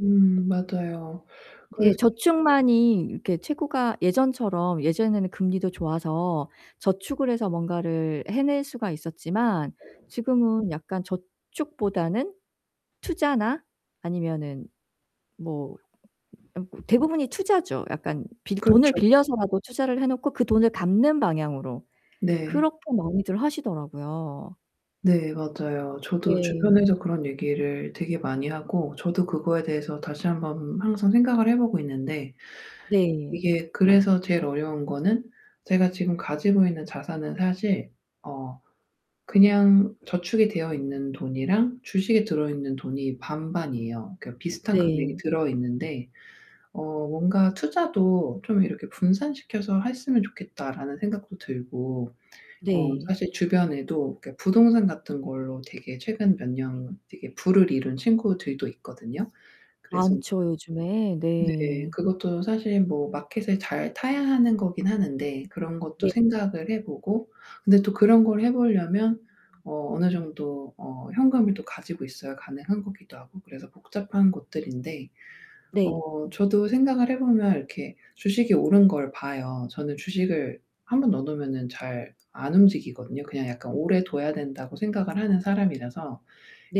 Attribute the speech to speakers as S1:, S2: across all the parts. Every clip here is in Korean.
S1: 음 맞아요.
S2: 네.
S1: 그래서 [unintelligible]
S2: 저축만이 이렇게 최고가 예전처럼 예전에는 금리도 좋아서 저축을 해서 뭔가를 해낼 수가 있었지만 지금은 약간 저축보다는 투자나 아니면은 뭐 어 대부분이 투자죠. 약간 빌 돈을
S1: 그렇죠.
S2: 빌려서라도 투자를 해 놓고 그 돈을 갚는 방향으로.
S1: 네.
S2: 그렇게 많이들 하시더라고요.
S1: 네 맞아요. 저도
S2: 네.
S1: 주변에서 그런 얘기를 되게 많이 하고 저도 그거에 대해서 다시 한번 항상 생각을 해 보고 있는데
S2: 네.
S1: 이게 그래서 제일 어려운 거는 제가 지금 가지고 있는 자산은 사실 어 그냥 저축이 되어 있는 돈이랑 주식에 들어 있는 돈이 반반이에요. 그러니까 비슷한 금액이
S2: 네.
S1: 들어 있는데 어 뭔가 '투자도 좀 이렇게 분산시켜서 했으면 좋겠다.'라는 생각도 들고 어
S2: 네.
S1: 사실 주변에도 그러니까 부동산 같은 걸로 되게 최근 몇 년 되게 부를 이룬 친구들도 있거든요. 그래서
S2: 많죠, 요즘에.
S1: 네.
S2: 네.
S1: 그것도 사실 뭐 마켓을 잘 타야 하는 거긴 하는데 그런 것도
S2: 네.
S1: 생각을 해 보고 근데 또 그런 걸 해 보려면 어 어느 정도 어 현금을 또 가지고 있어야 가능한 거기도 하고 그래서 복잡한 것들인데
S2: 네.
S1: 어 저도 생각을 해 보면 이렇게 주식이 오른 걸 봐요. 저는 주식을 1 번 넣어 놓으면은 잘 안 움직이거든요. 그냥 약간 오래 둬야 된다고 생각을 하는 사람이라서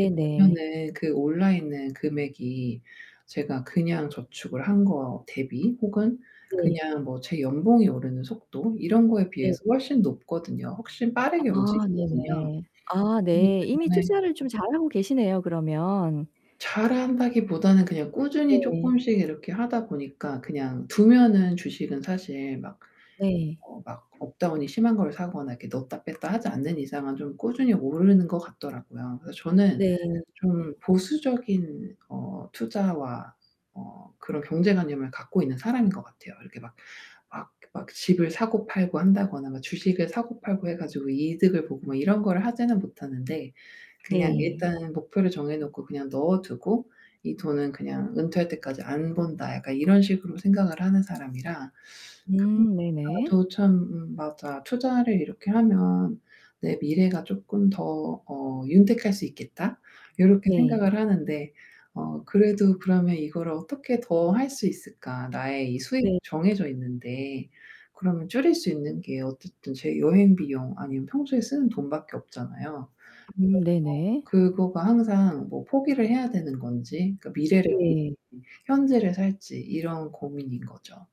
S1: 이렇게 보면은 그 올라 있는 금액이 제가 그냥 저축을 한 거 대비 혹은
S2: 네.
S1: 그냥 뭐 제 연봉이 오르는 속도 이런 거에
S2: 네.
S1: 비해서 훨씬 높거든요. 훨씬 빠르게
S2: 아
S1: 움직이거든요.
S2: 네네. 아
S1: 그러기
S2: 네. 이미
S1: 때문에
S2: 투자를 좀 잘하고 계시네요, 그러면.
S1: 잘한다기보다는 그냥 꾸준히
S2: 네.
S1: 쪼끔씩 이렇게 하다 보니까 그냥 두면은 주식은 사실 막
S2: 네.
S1: 어 막 업 다운이 심한 거를 사거나 이렇게 넣었다 뺐다 하지 않는 이상은 좀 꾸준히 오르는 것 같더라고요. 그래서 저는
S2: 네 네.
S1: 좀 보수적인 어 투자와 어 그런 경제관념을 갖고 있는 사람인 것 같아요. 이렇게 막 막 막 집을 사고 팔고 한다거나 뭐 주식을 사고 팔고 해 가지고 이득을 보고 막 이런 거를 하지는 못하는데 그냥
S2: 네.
S1: 일단 목표를 정해 놓고 그냥 넣어 두고 '이 돈은 그냥 은퇴할 때까지 안 본다.' 약간 이런 식으로 생각을 하는 사람이라 그런 걸
S2: 음 네네.
S1: 봐도 참 음 '맞아. 투자를 이렇게 하면 내 미래가 쪼끔 더 어 윤택할 수 있겠다.' 요렇게
S2: 네.
S1: 생각을 하는데 어 그래도 '그러면 이거를 어떻게 더 할 수 있을까, 나의 이 수입이
S2: 네.
S1: 정해져 있는데.' 그러면 줄일 수 있는 게 어쨌든 제 여행 비용 아니면 평소에 쓰는 돈 밖에 없잖아요.
S2: 음 네네.
S1: 그래서 더 그거가 항상 '뭐 포기를 해야 되는 건지, 그러니까 미래를
S2: 네.
S1: 살지 현재를 살지.' 이런 고민인 거죠.